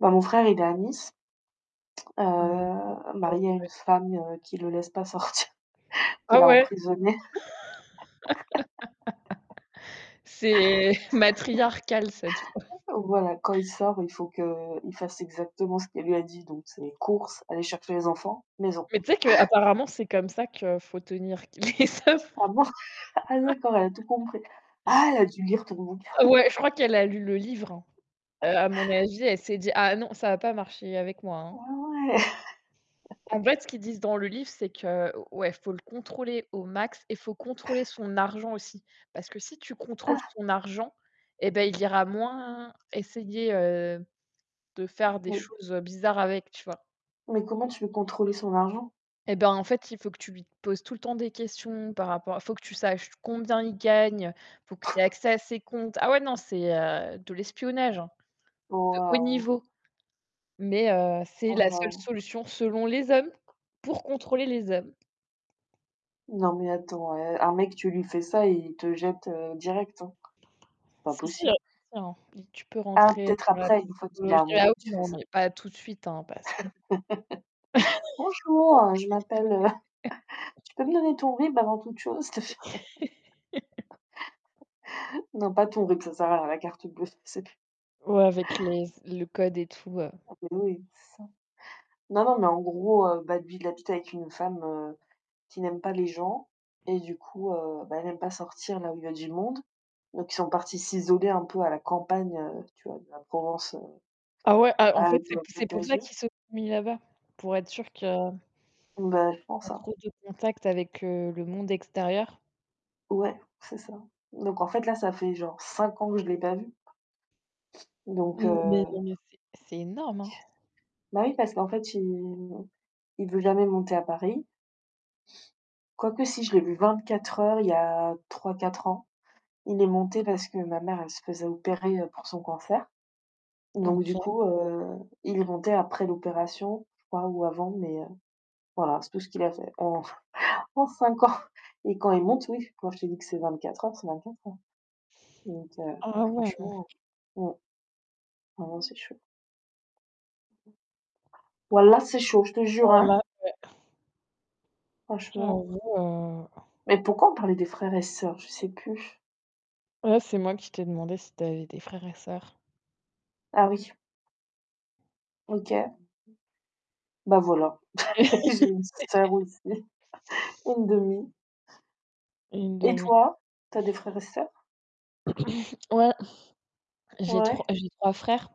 Moi mon frère il est à Nice, heu, Hem marié à une [unintelligible] femme, heu, qui le laisse pas sortir, qui Ah l'a ouais? emprisonné. C'est matriarcal cette fois. Voilà, quand il sort, il faut qu'il fasse exactement ce qu'elle lui a dit, donc c'est courses, aller chercher les enfants, maison. Mais tu sais qu'apparemment, c'est comme ça que faut tenir qu les hommes. Ah bon? Ah d'accord, elle a tout compris. Ah! Elle a dû lire ton bouquin! Ah ouais, je crois qu'elle a lu le livre, hein. Heu, à mon avis, elle s'est dit: «Ah non! Ça va pas marcher avec moi, Ah hein.» ouais. En fait, ce qu'ils disent dans le livre, c'est que o ouais il faut le contrôler au max, et faut contrôler son argent aussi. Parce que si tu contrôles Ah! son argent, eh beh, il ira moins essayer, heu, de faire des Oui. choses bizarres avec, tu vois? Mais comment tu veux contrôler son argent? Eh ben, en fait, il faut que tu lui poses tout le temps des questions par rapport faut que tu saches combien il gagne, faut que tu aies accès à ses comptes. Ah ouais non c'est, heu, de l'espionnage, hein, de haut Waouh! niveau, mais heu, c'est Oh la seule non! solution selon les hommes pour contrôler les hommes. Non, mais attends, eh un mec, tu lui fais ça, il te jette, heu, direct, hein. C'est pas Si si, heu, possible. tu sais, hein, li tu peux Ah rentrer peut-être dans la après. Une fois qu'il est psychologie ah amoureux que oui tu fais non, ça. mais pas tout de suite, hein, parce que «Bonjour, je m'appelle, heu tu peux [unintelligible] me donner ton RIB avant toute chose? S'il te p» Non, pas ton RIB ça sert à rien, la carte bleue c'est p Ouais avec les s le code et tout, heu. Non mais oui. C'est ça. Non non mais en gros, heu, bah, lui il habite avec une femme, heu, qui n'aime pas les gens. Et du coup, heu, bah, elle aime pas sortir là où il y a du monde. Donc ils sont partis s'isoler un peu à la campagne, tu vois, de la Ah ouais, ah en fait, c'est p c'est Provence-Alpes-Côte pour ça d'Azur. qu'ils se sont mis là-bas? Pour être sûrs que Bah je pas pense, hein. trop de contact avec, heu, le monde extérieur? Ouais, c'est ça. Donc en fait là, ça fait genre 5 ans que je l'ai pas vu. Donc Mais heu non! Mais c'est c'est énorme, hein. Bah oui parce qu'en fait il il veut jamais monter à Paris quoique, si je l'ai vu 24 heures, il y a 3-4 ans. Il est monté parce que ma mère elle se faisait opérer, heu, pour son cancer. Donc du OK. coup, heu, il est monté après l'opération, je crois, ou avant. Mais, heu, voilà, c'est tout ce qu'il a fait en en 5 ans! Et quand il monte oui, quand je te dis que c'est 24 heures, c'est 24 heures. Donc heu, ouais, Ah ouais, non. franchement. Mmh. Ah non c'est chaud. Wallah c'est chaud, je te jure, hein! Wallah ouais. Franchement. J'avoue, heu Mais pourquoi on parlait des frères et sœurs? Je sais plus. Oh c'est moi qui t'ai demandé si tu avais des frères et sœurs. Ah oui! OK. Bah, voilà j'ai une sœur aussi, 1/2. une Et demie. toi? Tu as des frères et sœurs? Ouais. J'ai 3 Ouais? j'ai 3 frères.